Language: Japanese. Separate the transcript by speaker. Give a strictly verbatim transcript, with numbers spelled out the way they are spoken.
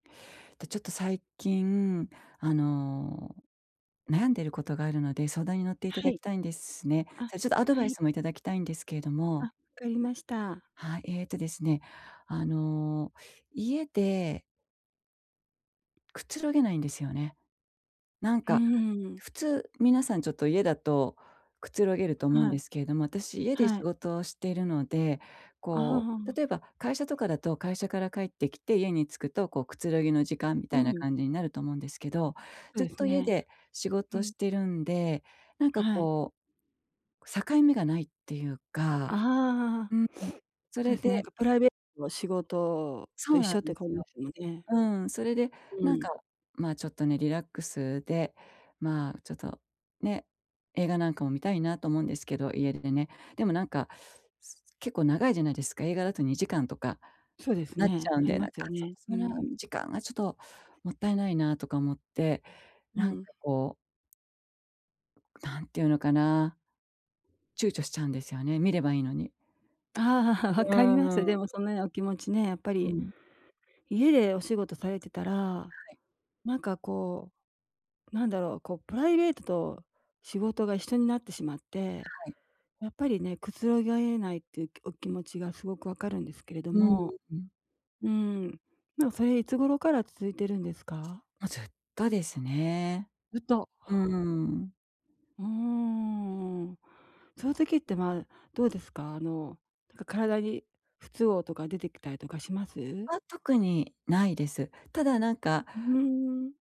Speaker 1: ちょちょっと最近、あの、悩んでることがあるので、相談に乗っていた
Speaker 2: は
Speaker 1: だき
Speaker 2: い。
Speaker 1: たいんですね。
Speaker 2: あ、
Speaker 1: じゃ、ちょっとアド
Speaker 2: は
Speaker 1: バイ
Speaker 2: い。
Speaker 1: スもいただきたいんですけど
Speaker 2: あ、
Speaker 1: も
Speaker 2: 分かりました。
Speaker 1: はい。ええとですね、あの、家でくつろげないんですよね。なん
Speaker 2: う
Speaker 1: か、
Speaker 2: ーん。
Speaker 1: 普通、皆さんちょっと、家だとくつろげると思うん
Speaker 2: は
Speaker 1: で
Speaker 2: い。
Speaker 1: すけども、私家で
Speaker 2: は
Speaker 1: 仕
Speaker 2: い。
Speaker 1: 事してるので
Speaker 2: ああ、
Speaker 1: こ
Speaker 2: は
Speaker 1: う、
Speaker 2: ん。
Speaker 1: 例えば会社とかだと、会社から帰ってきて家に着くと、こう、くつろぎの時間み
Speaker 2: う
Speaker 1: たいな
Speaker 2: ん。
Speaker 1: 感じになると思うんですけど、
Speaker 2: そ
Speaker 1: ず
Speaker 2: う
Speaker 1: っ
Speaker 2: です
Speaker 1: と家
Speaker 2: ね。
Speaker 1: で仕
Speaker 2: う
Speaker 1: 事し
Speaker 2: ん。
Speaker 1: てるんで、なんか
Speaker 2: はい。
Speaker 1: こう、境目がないっていうか
Speaker 2: ああ、
Speaker 1: うん。そ
Speaker 2: そう
Speaker 1: れ
Speaker 2: ですね。なん
Speaker 1: で
Speaker 2: かプライベと仕事
Speaker 1: そ
Speaker 2: と
Speaker 1: う
Speaker 2: 一
Speaker 1: なん
Speaker 2: 緒っ
Speaker 1: で
Speaker 2: て感
Speaker 1: す
Speaker 2: じで
Speaker 1: よ。
Speaker 2: すよね。
Speaker 1: うん、それで、
Speaker 2: う
Speaker 1: なん
Speaker 2: ん。
Speaker 1: か、まあちょっとね、リラックスで、まあ、ちょっと、ね、映画なんかも観たいなと思うんですけど、家ででね。でもなんか、す結構長いじゃないですか、映画だとにじかんとか
Speaker 2: そうです
Speaker 1: なっち
Speaker 2: ね、
Speaker 1: ゃうん
Speaker 2: あり
Speaker 1: で、
Speaker 2: ま
Speaker 1: なんか、
Speaker 2: すよ
Speaker 1: あ、そ
Speaker 2: ね、
Speaker 1: そ
Speaker 2: う
Speaker 1: の
Speaker 2: ん。
Speaker 1: 時間がちょっともったいないなとか思って、
Speaker 2: う
Speaker 1: なんか
Speaker 2: ん。
Speaker 1: こうなんていうのかな、躊躇しちゃうんですよね、観ればいいのに。
Speaker 2: ああ、
Speaker 1: う
Speaker 2: 分かります、
Speaker 1: ー
Speaker 2: で
Speaker 1: ん。
Speaker 2: もそんなよお気持ちね、やっぱ
Speaker 1: う、う
Speaker 2: り。
Speaker 1: ん。
Speaker 2: 家でお仕事されてたら、
Speaker 1: はい。
Speaker 2: なんかこう、なんだろう、こうプライベートと仕事が一緒になってしまって、
Speaker 1: はい。
Speaker 2: やっぱりね、くつろげないっていうお気持ちがすごく分かるんですけれど
Speaker 1: うん、
Speaker 2: も、
Speaker 1: うん。
Speaker 2: うーん、ま、それいつ頃から続いてるんですか？
Speaker 1: も、ずっとですね。
Speaker 2: ずっと！
Speaker 1: うーん。
Speaker 2: うーん、うん。そう時ってま、どうですか？あの、なんか体に不都合とか出てきたりとかします？
Speaker 1: は、特にないです。ただなんか
Speaker 2: うーん。